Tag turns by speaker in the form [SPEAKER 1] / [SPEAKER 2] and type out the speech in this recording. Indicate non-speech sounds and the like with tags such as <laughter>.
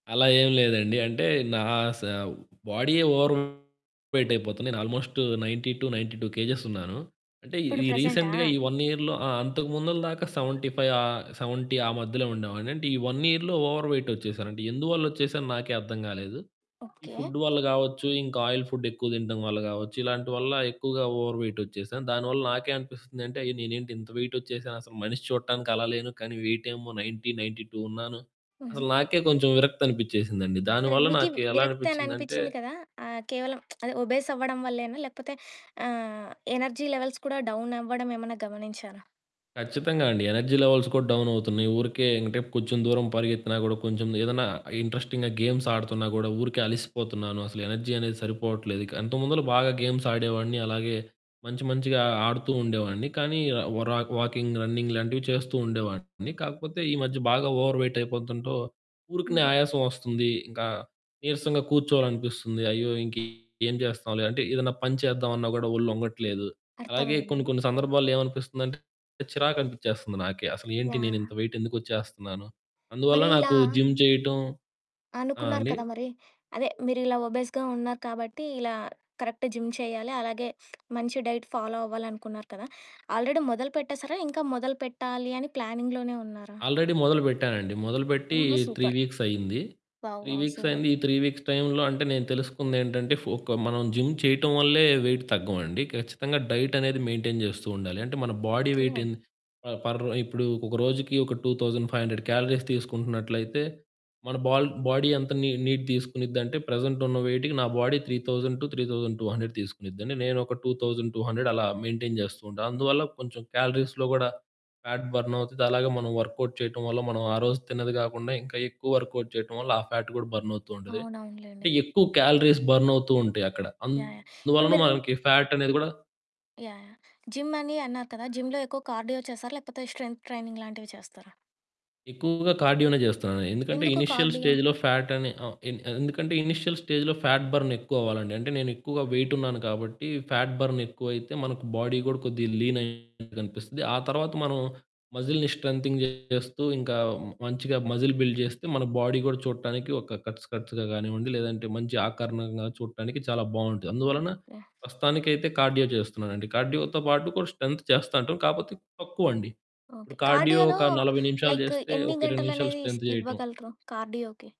[SPEAKER 1] అలా ఏం లేదండి. అంటే నా స బాడీయే ఓవర్ వెయిట్ అయిపోతున్న. నేను ఆల్మోస్టు 90-92 కేజెస్ ఉన్నాను. అంటే
[SPEAKER 2] ఇప్పుడు
[SPEAKER 1] ఈ
[SPEAKER 2] ప్రెజెంటా?
[SPEAKER 1] రీసెంట్‌గా ఈ 1 ఇయర్‌లో ఆ! అంతకు ముందుల దాకా 75 ఆహ్, 70 ఆ మధ్యలో ఉండేవాడిని. అంటే ఈ 1 ఇయర్‌లో ఓవర్ వెయిట్ ఓచ్చేసాను. అంటే ఎందువల్లొచ్చేసానో నాకే అర్థం కాలేదు. ఈ
[SPEAKER 2] ఓకె.
[SPEAKER 1] ఫుడ్డు వల్ల కావచ్చు, ఇంక ఆయిల్ ఫుడ్ ఎక్కువ తినటం వల్ల కావచ్చు. ఇలాంటి వల్ల ఎక్కువగా ఓవర్ వెయిట్ వచ్చేసాను. దానివల్ల నాకే అనిపిస్తుంది అంటే, అయ్! నేనేంటి ఇంత వెయిటొచ్చేసానసలు మనిషి చూడటానికి అలా లేను కానీ వెయిటేమో 90, 92 ఉన్నాను.
[SPEAKER 2] హుహు.
[SPEAKER 1] అసలు నాకే కొంచెం విరక్తి అనిపించేసిందండి.
[SPEAKER 2] సరే
[SPEAKER 1] దానివల్ల
[SPEAKER 2] మీకి
[SPEAKER 1] నాకు ఎలా
[SPEAKER 2] విరక్తి అని
[SPEAKER 1] అనిపించిందంటే
[SPEAKER 2] అనిపించింది కదా ఆహ్, కేవలం <smacks lips> అది ఒబీస్ అవ్వడం వల్లేనా? లేకపోతే ఆహ్, ఎనర్జీ లెవెల్స్ కూడా డౌనవ్వడం ఏమైనా గమనించారా?
[SPEAKER 1] ఖచ్చితంగా అండి. ఎనర్జీ లెవెల్స్ కూడా డౌనవుతున్నాయి. ఊరికే ఎమ్మిటే కొంచెం దూరం పరిగెత్తినా కూడా కొంచెం ఏదన్నా ఇంట్రెస్టింగ్‌గా గేమ్స్ ఆడుతున్నా కూడా ఊరికే అలిసిపోతున్నాను. అసలు ఎనర్జీ అనేది సరిపోవట్లేదు ఇక. ఇంతముందులో బాగా గేమ్స్ ఆడేవాడిని, అలాగే మంచి మంచిగా ఆడుతూ ఉండేవాడిని. కానీ, వ్ర వాకింగ్, రన్నింగ్ లాంటివి చేస్తూ ఉండేవాడిని. కాకపోతే ఈ మధ్య బాగా ఓవర్ వెయిట్ అయిపోతుంటో ఊరికనే
[SPEAKER 2] హుహు.
[SPEAKER 1] ఆయాసం వస్తుంది. ఇంకా నీరసంగా కూర్చోవాలనిపిస్తుంది. "అయ్యో! ఇంకేం చేస్తాంలే" అంటే ఏదైనా పని చేద్దామన్నా గూడా ఒళ్ళొంగట్లేదు. అలాగే
[SPEAKER 2] అర్థమైంది.
[SPEAKER 1] కొన్ని కొన్ని సందర్భాల్లో ఏమనిపిస్తుందంటే చిరాకు అనిపించేస్తుంది నాకే అసలు ఏంటి నేను
[SPEAKER 2] యాహ్!
[SPEAKER 1] ఇంత వెయిట్ ఎందుకు వచ్చేస్తున్నాను. అందువల్ల
[SPEAKER 2] మరి ఇలా...
[SPEAKER 1] నాకు జిమ్ చేయటం ఆ!
[SPEAKER 2] అనుకున్నారు
[SPEAKER 1] అండి.
[SPEAKER 2] కదా! మరి అదే మీరు ఇలా ఒబీస్‌గా ఉన్నారు కాబట్టి ఇలా కరెక్ట్ జిమ్ చేయాలి, అలాగే మంచి డైట్ ఫాలో అవ్వాలి అనుకున్నారు కదా! ఆల్రెడీ మొదలు పెట్టేసారా ఇంక మొదలు పెట్టాలి అని ప్లానింగ్‌లోనే ఉన్నారా?
[SPEAKER 1] ఆల్రెడీ మొదలు పెట్టానండి. మొదలుపెట్టి
[SPEAKER 2] ఓహో!
[SPEAKER 1] 3
[SPEAKER 2] సూపర్.
[SPEAKER 1] వీక్స్ అయింది.
[SPEAKER 2] వావ్!
[SPEAKER 1] 3
[SPEAKER 2] వావ్!
[SPEAKER 1] Weeks
[SPEAKER 2] super.
[SPEAKER 1] అయింది. ఈ 3 వీక్స్ టైంలో అంటే నేను తెలుసుకుందేంటంటే, ఫ్ ఒక మనం జిమ్ చేయటం వల్లే వెయిట్ తగ్గవండి. ఖచ్చితంగా డైటనేది మెయింటైన్ చేస్తూ ఉండాలి. అంటే మన బాడీ వెయిట్
[SPEAKER 2] ఓకె.
[SPEAKER 1] ఎన్ ఆ! పర్ ఇప్పుడు ఒక రోజుకి ఒక 2500 క్యాలరీస్ తీసుకుంటున్నట్లయితే, మన బాల్ బాడీ అంత నీ నీడ్ తీసుకునిద్దంటే ప్రెజెంటున్న వెయిట్‌కి నా బాడీ 3000-3200 తీసుకునిద్ది. నేను ఒక 2200 అలా మెయింటైన్ చేస్తూ ఉంటా. అందువల్ల కొంచెం క్యాలరీస్‌లో కూడా ఫ్యాట్ బర్న్ అవుతది. అలాగే మనం వర్క్ అవుట్ చేయటం వల్ల మనం ఆ రోజు తిన్నది కాకుండా ఇంక ఎక్కువ వర్క్ అవుట్ చేయటం వల్ల, ఆ ఫ్యాట్ కూడా బర్న్ అవుతుంటది.
[SPEAKER 2] అవునవునులేండి.
[SPEAKER 1] అంటే ఎక్కువ కాలరీస్ బర్న్ అవుతుంటాయి అక్కడ.
[SPEAKER 2] యాహ్! యాహ్! ఇప్పుడు
[SPEAKER 1] అందువల్లన
[SPEAKER 2] మీరు
[SPEAKER 1] మనకి ఫ్యాట్ అనేది గూడా
[SPEAKER 2] యాహ్! యాహ్! జిమ్ అని అన్నారు కదా! జిమ్‌లో ఎక్కువ కార్డియో చేస్తారా లేకపోతే స్ట్రెంత్ ట్రైనింగ్ లాంటివి చేస్తారా?
[SPEAKER 1] ఎక్కువగా కార్డియోనే చేస్తున్నాను. ఎందుకంటే
[SPEAKER 2] ఎందుకు
[SPEAKER 1] ఇనీషియల్
[SPEAKER 2] కార్డియో?
[SPEAKER 1] స్టేజ్‌లో ఫ్యాట్ అని ఆహ్, ఎ ఎందుకంటే ఇనీషియల్ స్టేజ్‌లో ప్యాట్ బర్న్ ఎక్కువవ్వాలండి. అంటే నేను ఎక్కువగా వెయిట్ ఉన్నాను కాబట్టి ప్యాట్ బర్న్ ఎక్కువైతే మనకు బాడీ కూడా కొద్దిగా లీన్‌గా కనిపిస్తది. ఆ తరువాత మనం మజిల్‌ని స్ట్రెంతెన్ చేస్తూ ఇంక మంచిగా మజిల్ బిల్డ్ చేస్తే మన బాడీ కూడా చూడటానికి ఒక కట్స్ కట్స్‌గా కానివ్వండి లేదంటే మంచి ఆకారణంగా చూడటానికి చాలా బావుంటది. అందువలన
[SPEAKER 2] ఓకె.
[SPEAKER 1] ప్రస్తుతానికైతే కార్డియో చేస్తున్నానండి. కార్డియో‌తో పాటు కొంత స్ట్రెంత్ చేస్తాంటాను. కాకపోతే తక్కువండి.
[SPEAKER 2] ఓకే.
[SPEAKER 1] ఇప్పుడు కార్డియో
[SPEAKER 2] కార్డియోలో
[SPEAKER 1] ఒక 40 నిమిషాలు
[SPEAKER 2] లైక్
[SPEAKER 1] జేస్తే
[SPEAKER 2] ఎన్ని
[SPEAKER 1] ఒక 20 నిమిషాలు
[SPEAKER 2] గంటలనేది ఇస్
[SPEAKER 1] స్ట్రెంత్ చేయటం.
[SPEAKER 2] ఇవ్వగలరు కార్డియోకి?